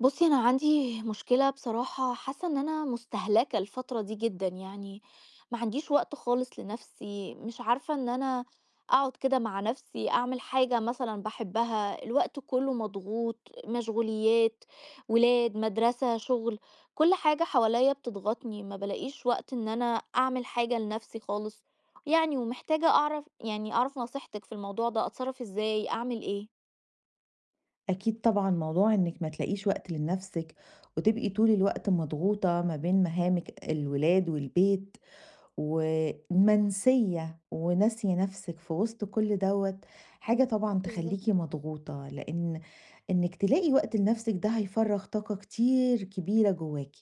بُصي أنا عندي مشكلة بصراحة حاسة إن أنا مُستهلكة الفترة دي جدًا يعني، معنديش وقت خالص لنفسي، مش عارفة إن أنا أقعد كده مع نفسي أعمل حاجة مثلًا باحبها، الوقت كله مضغوط، مشغوليَّات، ولاد، مدرسة، شغل، كل حاجة حواليّا بتضغطني، ما بالاقيش وقت إن أنا أعمل حاجة لنفسي خالص يعني، ومحتاجة أعرف يعني أعرف نصيحتِك في الموضوع ده، أتصرف إزاي؟ أعمل إيه؟ أكيد طبعًا موضوع إنِك ما تلاقيش وقت لنفسِك، وتبقي طول الوقت مضغوطة ما بين مهامِك الولاد والبيت، و آآ منسية وناسية نفسِك في وسط كل دوّة حاجة طبعًا بالضبط. تخليكِ مضغوطة، لإن إنِك تلاقي وقت لنفسِك ده هيفرّغ طاقة كتير كبيرة جواكِ.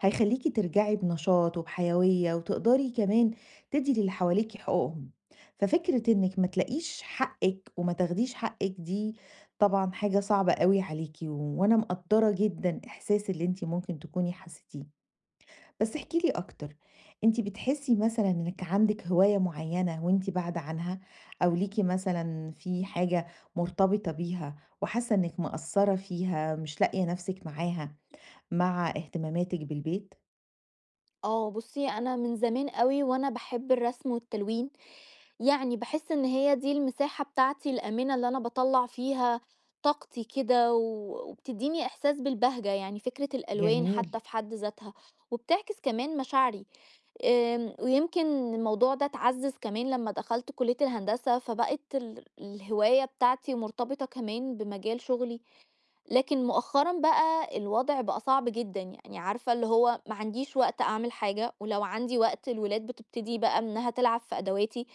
هيخليكِ ترجعي بنشاط وبحيوية، وتقدري كمان تدي للي حواليكِ حقوقهم. ففكرة إنِك ما تلاقيش حقِك وما تاخديش حقِك دي طبعًا حاجة صعبة أوي عليكِ، و أنا مقدَّرة جدًا إحساس اللي أنتِ ممكن تكوني حسيتيه. بس احكي لي أكتر. أنتِ بتحسي مثلًا إنِك عندِك هواية معينة وأنتِ باعدة عنها؟ أو ليكِ مثلًا فيه حاجة مرتبطة بيها وحاسة إنِك مقصّرة فيها مش لاقية نفسِك معاها مع اهتماماتِك بالبيت؟ آه بُصي أنا من زمان أوي وأنا باحب الرسم والتلوين، يعني باحس إن هي دي المساحة بتاعتي الآمنة اللي أنا باطلّع فيها طاقتي كده و وبتديني إحساس بالبهجة يعني فكرة الألوان جميل. حتى في حد ذاتها، وبتعكس كمان مشاعري. آمم، ويمكن الموضوع ده اتعزز كمان لما دخلت كلية الهندسة فبقت ال الهواية بتاعتي مرتبطة كمان بمجال شغلي. لكن مؤخرًا بقى الوضع بقى صعب جدًا يعني، عارفة اللي هو معنديش وقت أعمل حاجة، ولو عندي وقت الولاد بتبتدي بقى إنها تلعب في أدواتي،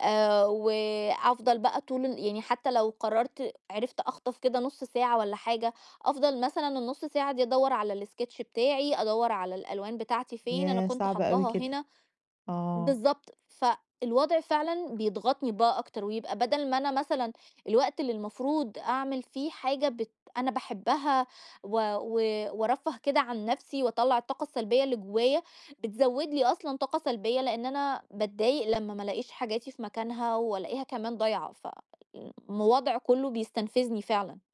آآ، وأفضل بقى طول ال يعني حتى لو قررت عرفت أخطف كده نُص ساعة والّا حاجة، أفضل مثلًا النُص ساعة دي أدوّر على الsketch بتاعي، أدوّر على الألوان بتاعتي فين، أنا ياه! كنت صعب أوي حطاها كده. هنا. آه. بالضبط، فالوضع فعلًا بيضغطني بقى أكتر ويبقى بدل ما أنا مثلًا الوقت اللي المفروض أعمل فيه حاجة بت أنا باحبها و و وأرفَّه كده عن نفسي وأطلّع الطاقة السلبية اللي جوايا، بتزود لي أصلًا طاقة سلبية لأن أنا باتضايق لمّا ما لقيش حاجاتي في مكانها وألاقيها كمان ضايعة، ف الوضع كله بيستنفذني فعلًا.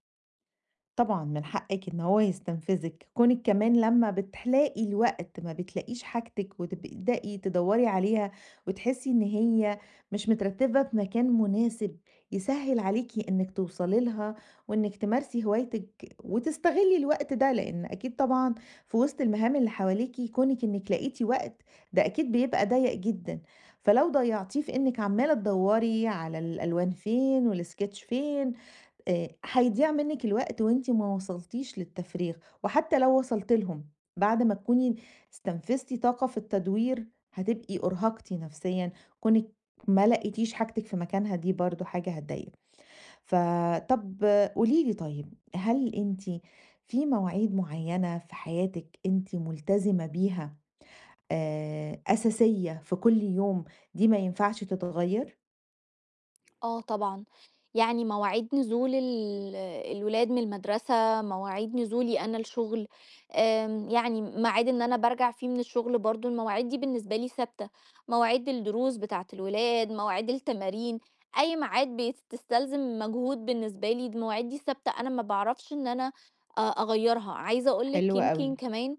طبعًا من حقِّك إن هو يتستنفذِك. كُونِك كمان لمّا بتلاقي الوقت ما بتلاقيش حاجتِك وتبدئي تدوّري عليها وتحسّي إن هي مش مترتّبة في مكان مناسب يسهِّل عليكِ إنِّك توصلي لها وإنِك تمارسي هوايتِك وتستغلي الوقت ده، لإن أكيد طبعًا في وِسط المهام اللي حواليكِ كُونِك إنِّك لقيتِ وقت، ده أكيد بيبقى ضيّق جدًا. فلو ضيّعتيه في إنِّك عمّالة تدوّري على الألوان فين والsketch فين، آآ هيضيّع منِّك الوقت وأنتِ ما وصلتيش للتفريغ وحتّى لو وصلتِ لهم، بعد ما تكوني استنفذتِ طاقة في التدوير، هتبقي أُرهَقتِ نَفْسيًا، كُونِك ما لقيتيش حاجتِك في مكانها، دي برضه حاجة هتضايقِك. ف طَب قولي لي طيب، هل أنتِ في مواعيد معيّنة في حياتِك أنتِ ملتزمة بيها آآ أساسية في كل يوم دي ما ينفعش تتغيّر؟ آه طبعًا، يعني مواعيد نزول ال الولاد من المدرسة، مواعيد نزولي أنا الشُغل آمم يعني معاد إن أنا بارجع فيه من الشُغل برضه، المواعيد دي بالنسبة لي ثابتة. مواعيد الدروس بتاعة الولاد، مواعيد التمارين، أي معاد بيت تستلزم مجهود بالنسبة لي المواعيد دي ثابتة أنا ما باعرفش إن أنا أ أغيّرها. عايزة أقول لِك حلو يمكن أوي. كمان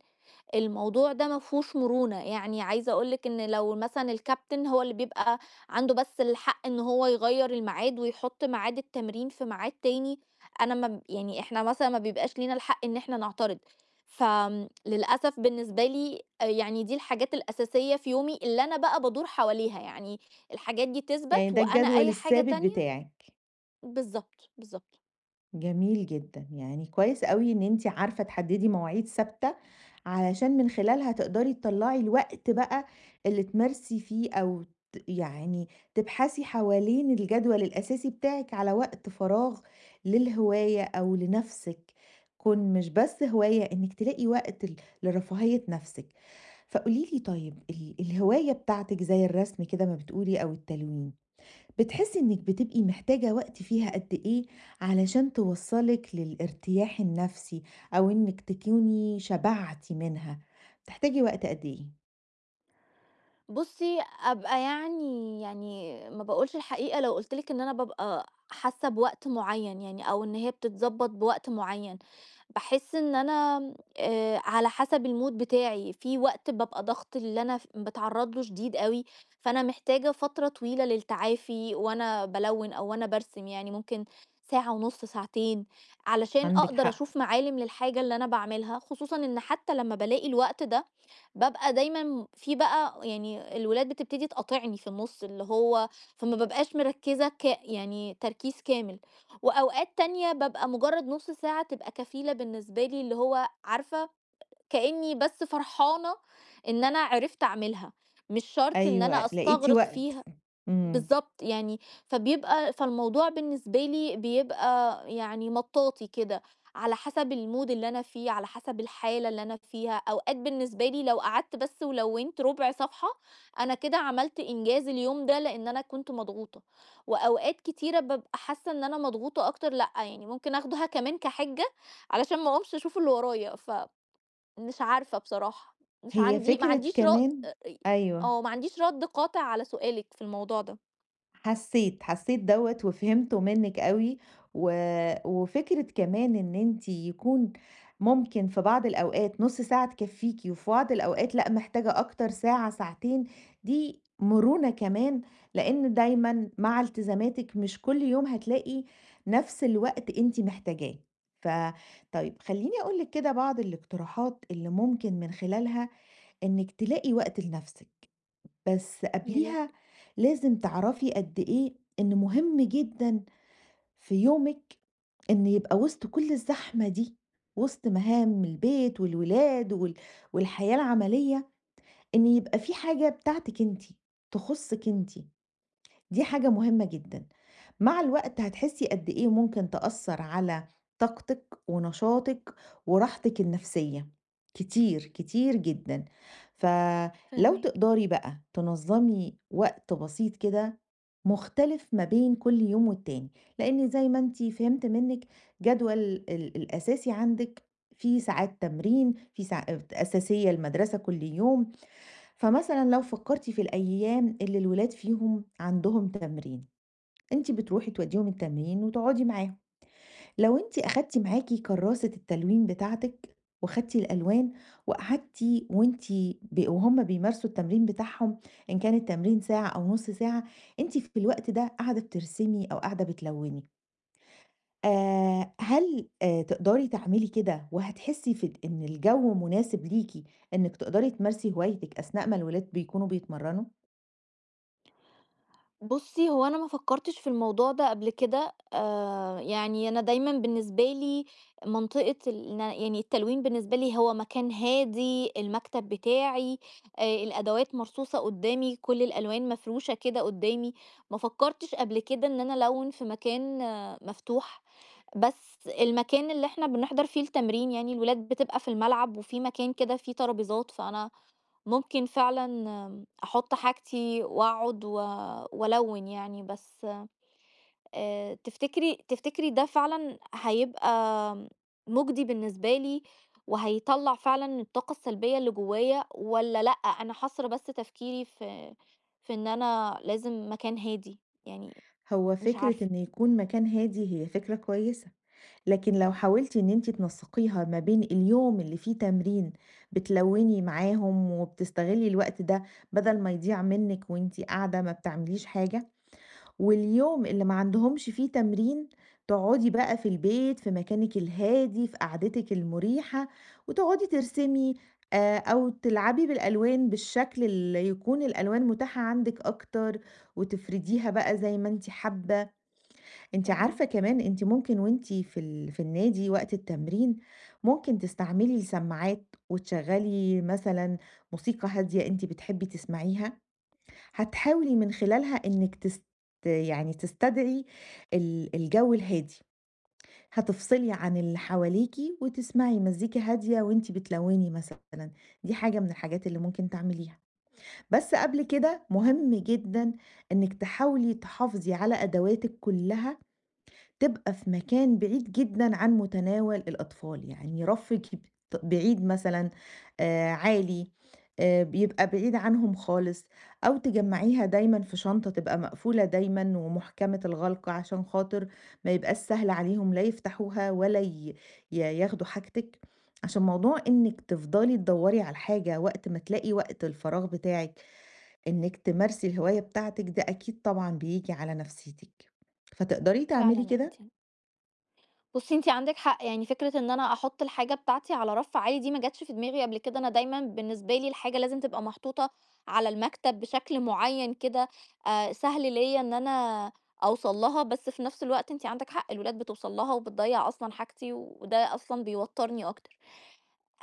الموضوع ده ما فيهوش مرونة. يعني عايزة أقول لِك إن لو مثلًا الcaptain هو اللي بيبقى عنده بس الحق إن هو يغيَّر المعاد ويحُط معاد التمرين في معاد تاني، أنا ما ب يعني إحنا مثلًا ما بيبقاش لينا الحق إن إحنا نعترض. فآمم، للأسف بالنسبة لي آآ يعني دي الحاجات الأساسية في يومي اللي أنا بقى بادور حواليها، يعني الحاجات دي يعني تِثبَت ده وأنا الجدول أي حاجة الثابت تانية بتاعِك. بالضبط، بالضبط. جميل جدًا. يعني كويّس أوي إن أنتِ عارفة تحددي مواعيد ثابتة، علشان من خلالها تقدري تطلَّعي الوقت بقى اللي تمارسي فيه أو ت يعني تبحثي حوالين الجدول الأساسي بتاعِك على وقت فراغ للهواية أو لنَفْسِك. كون مش بس هواية إنِك تلاقي وقت ل لرفاهية نَفْسِك. فقولي لي طيّب، ال الهواية بتاعتِك زي الرسم كده ما بتقولي أو التلوين، بتحسي إنِك بتبقي محتاجة وقت فيها قد إيه علشان توصّلِك للارتياح النفسي أو إنِك تكوني شبعتِ منها؟ بتحتاجي وقت قد إيه؟ بُصّي أبقى يعني يعني ما باقولش الحقيقة لو قُلت لِك إن أنا بابقى حاسة بوقت معيّن يعني، أو إن هي بتتضبط بوقت معيّن. باحس إن أنا م آآ على حسب الmood بتاعي، في وقت بابقى ضغط اللي أنا في باتعرض له شديد أوي، فأنا محتاجة فترة طويلة للتعافي وأنا بالوِّن أو وأنا بارسم، يعني ممكن ساعة ونُص ساعتين علشان عَندِك أقدر حق. أشوف معالم للحاجة اللي أنا باعملها، خصوصًا إن حتّى لمّا بالاقي الوقت ده بابقى دايمًا م في بقى ويعني الولاد بتبتدي تقاطِعني في النُص اللي هو فما بابقاش مركزة ك يعني تركيز كامل. وأوقات تانية بابقى مجرّد نُص ساعة تبقى كفيلة بالنسبة لي اللي هو عارفة كأني بس فرحانة إن أنا عرفت أعملها، مش شرط إن أيوَه، أنا لقيتِ أستغرِق وقت فيها. ف إمم. بالضبط يعني، فبيبقي فالموضوع بالنسبة لي بيبقى يعني مطاطي كده على حسب الmood اللي أنا فيه، على حسب الحالة اللي أنا فيها. أوقات بالنسبة لي لو قعدت بس ولوّنت رُبع صفحة أنا كده عملت إنجاز اليوم ده لأن أنا كنت مضغوطة. وأوقات كتيرة بابقى حاسة إن أنا مضغوطة أكتر، لأ يعني ممكن آخدها كمان كحِجَّة علشان ما أقومش أشوف اللي ورايا، ف مش عارفة بصراحة، مش هي عَندي ما فكرة عَنديش رد كمان آآ ري أيوَه. آه ما عَنديش رَد قاطع على سؤالِك في الموضوع ده. حسيت، حسيت دوّة وفهمته منِك أوي و وفكرة كمان إن أنتِ يكون ممكن في بعض الأوقات نُص ساعة تكفّيكِ، وفي بعض الأوقات لأ، محتاجة أكتر ساعة ساعتين، دي مرونة كمان، لإن دايمًا مع إلتزاماتِك مش كل يوم هتلاقي نَفْس الوقت أنتِ محتاجاه. ف طيب خليني أقول لِك كده بعض الاقتراحات اللي ممكن من خلالها إنِك تلاقي وقت لنَفْسِك. بس ياريت. قَبْليها لازم تِعرفي قد إيه إن مهم جدًا في يومِك إن يبقى وِسط كل الزحمة دي، وِسط مهام البيت والولاد وال والحياة العملية، إن يبقى في حاجة بتاعتِك أنتِ، تخصِك أنتِ. دي حاجة مهمة جدًا، مع الوقت هتحسي قد إيه ممكن تأثَّر على طاقتِك ونشاطِك، وراحتِك النَفْسية كتير كتير جدًا. ف لو فاهماكِ. تقدري بَقى تنظمي وقت بسيط كده مختلف ما بين كل يوم والتاني، لإن زي ما أنتِ فِهِمت منِك جدول ال الأساسي عندِك فيه ساعات تمرين، فيه ساع أساسية المدرسة كل يوم. فمثلًا لو فَكّرتِ في الأيام اللي الولاد فيهم عندهم تمرين، أنتِ بتروحي تودّيهم التمرين وتقعدي معاهم. لو أنتِ صح. أخدتِ معاكِ كراسة التلوين بتاعتِك وخَدتِ الألوان وقَعدتِ وأنتِ ب وهُم بيمارسوا التمرين بتاعهم، إن كان التمرين ساعة أو نُص ساعة أنتِ في الوقت ده قاعدة بترسمي أو قاعدة بتلوني. آآ هل آآ تِقدَري تعملي كده وهتحسي في إن الجو مناسب ليكِ إنِك تِقدَري تمارسي هوايتِك أثناء ما الولاد بيكونوا بيتمرنوا؟ بُصّي، هو أنا ما فكّرتش في الموضوع ده قبل كده، آآ يعني أنا دايمًا بالنسبة لي منطقة الن يعني التلوين بالنسبة لي هو مكان هادي، المكتب بتاعي، آآ الأدوات مرصوصة قُدّامي، كل الألوان مفروشة كده قُدّامي، ما فكّرتش قبل كده إن أنا ألوِّن في مكان مفتوح، بس المكان اللي إحنا بنِحضَر فيه التمرين، يعني الولاد بتبقى في الملعب وفي مكان كده فيه ترابيزات، فأنا ممكن فعلًا أحُط حاجتي وأقعد و وألوِّن يعني، بس آآ تِفتكري تِفتكري ده فعلًا هيبقى مُجدي بالنسبة لي وهيطلَّع فعلًا الطاقة السلبية اللي جوّايا والّا لأ، أنا حاصرة بس تفكيري في في إن أنا لازم مكان هادي؟ يعني هو مش فكرة عارفة. إن يكون مكان هادي هي فكرة كويسة، لكن لو حاولتِ إن أنتِ تنسّقيها ما بين اليوم اللي فيه تمرين بتلوّني معاهم، وبتستغلّي الوقت ده بَدَل ما يضيع منِّك وأنتِ قاعدة ما بتعمليش حاجة واليوم اللي ما عندهمش فيه تمرين، تُقعُدي بَقى في البيت في مكانِك الهادي في قعدتِك المريحة وتُقعدي ترسمي آآ أو تلعبي بالألوان بالشكل اللي يكون الألوان متاحة عندِك أكتر وتِفرِديها بَقى زي ما أنتِ حابّة. أنتِ عارفة فاهماكِ. كمان أنتِ ممكن وأنتِ في ال في النادي وقت التمرين، ممكن تستعملي سماعات وتشغّلي مثلًا موسيقى هادية أنتِ بتحبّي تسمعيها، هتحاولي من خلالها إنِّك تست يعني تستدعي ال الجَو الهادي. هتِفصِلي عن اللي حواليكِ وتِسمَعي مزّيكا هادية وأنتِ بتلوّني مثلًا. دي حاجة من الحاجات اللي ممكن تعمليها. بس قبل كده، [unintelligible] مهم إمم. جدًا إنِّك تحاولي تحافظي على أدواتِك كُلّها تبقى في مكان بعيد جدًا عن مُتَناول الأطفال. يعني رفِّك يبط بعيد مثلًا، آآ عالي، آآ بيبقى بعيد عنهم خالص أو تجمّعيها دايمًا في شنطة تبقى مقفولة دايمًا ومُحكَمة الغَلق عشان خاطر ما يبقاش سهل عليهم لا يفتحوها ولا ي ي ياخدوا حاجتِك. عشان موضوع إنِّك تِفضلي تدوّري على الحاجة وقت ما تلاقي وقت الفراغ بتاعِك إنِّك تمارسي الهواية بتاعتِك، ده أكيد طبعًا بييجي على نَفْسيتِك. فتقدري تعملي فعلًأ أنتِ كده؟ بُصّي، أنتِ عندِك حق. يعني فكرة إن أنا أحُط الحاجة بتاعتي على رَف عالي دي ما جاتش في دماغي قبل كده، أنا دايمًا بالنسبة لي الحاجة لازم تبقى محطوطة على المكتب بشكل معيّن كده آآ سهل ليّا إن أنا أوصل لها، بس في نَفْس الوقت أنتِ عندِك حق، الولاد بتوصل لها وبتضيّع أصلًا حاجتي وده أصلًا بيوتّرني أكتر.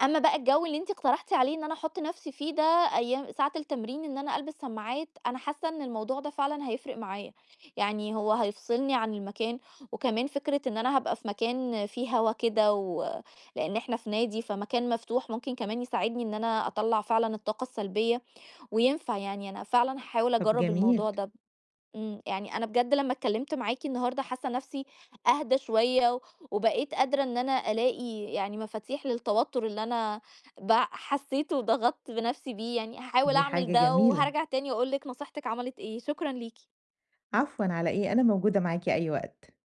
أمّا بقى الجَو اللي أنتِ اقترحتِ عليه إن أنا أحُط نَفْسي فيه ده أيام ساعة التمرين إن أنا ألبس سماعات، أنا حاسّة إن الموضوع ده فعلًا هيفرق معايا. يعني هو هيفصلني عن المكان وكمان فكرة إن أنا هابقى في مكان فيه هوا كده، و لإن إحنا في نادي فمكان مفتوح، ممكن كمان يساعدني إن أنا أطلَّع فعلًا الطاقة السلبية، وينفع يعني، أنا فعلًا هاحاول طَب أجرّب الموضوع جميل. ده ب إمم. يعني أنا بجد لما اتكلِّمت معاكِ النهاردة حاسّة نَفْسي أهدى شوية وبقيت قادرة إن أنا ألاقي يعني مفاتيح للتوتُّر اللي أنا بع حسّيته وضغطت بنَفْسي بيه يعني هاحاول دي أعمل حاجة ده جميلة. وهارجع تاني أقول لِك نصيحتك عَمَلِت إيه، شكرًا ليكِ. عفوًا، على إيه؟ أنا موجودة معاكِ أي وقت.